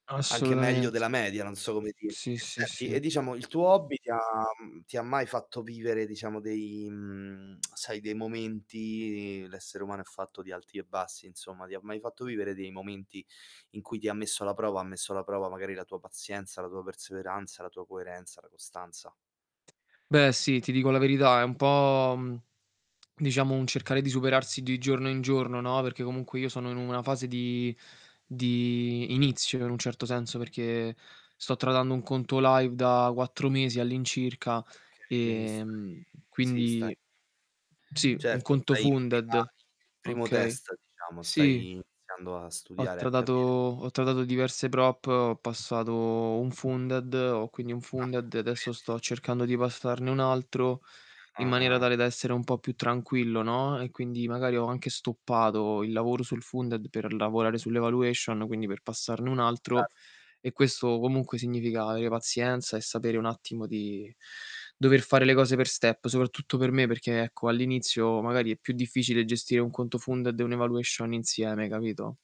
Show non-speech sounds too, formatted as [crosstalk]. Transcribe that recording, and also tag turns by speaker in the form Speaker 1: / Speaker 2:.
Speaker 1: Anche meglio
Speaker 2: Assolutamente.
Speaker 1: della media non so come dirti.
Speaker 2: Sì,
Speaker 1: E
Speaker 2: sì,
Speaker 1: senti
Speaker 2: sì.
Speaker 1: e diciamo il tuo hobby ti ha mhmm, ti ha mai fatto vivere diciamo dei, mhmm [smacks lips] sai dei momenti l'essere umano è fatto di alti e bassi insomma, ti ha mai fatto vivere dei momenti in cui ti ha messo alla prova ha messo alla prova magari la tua pazienza, la tua perseveranza, la tua coerenza, la costanza.
Speaker 2: Beh sì, ti dico la verità, è un po', mhmm, diciamo un cercare di superarsi di giorno in giorno, no. Perché comunque io sono in
Speaker 1: Mh.
Speaker 2: una fase di di inizio in un certo senso, perché sto tradando un conto live da 4 mesi all'incirca
Speaker 1: Okay, quindi
Speaker 2: e,
Speaker 1: stai
Speaker 2: mhmm,
Speaker 1: sì stai
Speaker 2: quindi sì un
Speaker 1: Certo,
Speaker 2: conto
Speaker 1: stai in [unintelligible]
Speaker 2: funded.
Speaker 1: primo
Speaker 2: Okay.
Speaker 1: test diciamo,
Speaker 2: Sì,
Speaker 1: stai iniziando a
Speaker 2: ho
Speaker 1: studiare, a
Speaker 2: tradato
Speaker 1: capire.
Speaker 2: ho tradato diverse prop, ho passato un funded, ho quindi un
Speaker 1: Ah,
Speaker 2: funded e adesso
Speaker 1: complimenti.
Speaker 2: sto cercando di passarne un altro, in maniera
Speaker 1: Ah-ah.
Speaker 2: tale da essere un po' più tranquillo, no, e quindi magari ho anche stoppato il lavoro sul funded per lavorare sull' evaluation, quindi per passarne un altro
Speaker 1: Cer
Speaker 2: e questo comunque significa avere pazienza e sapere un attimo di dover fare le cose per step, soprattutto per me perché, ecco, all'inizio magari è più difficile gestire un conto funded e un evaluation insieme, capito?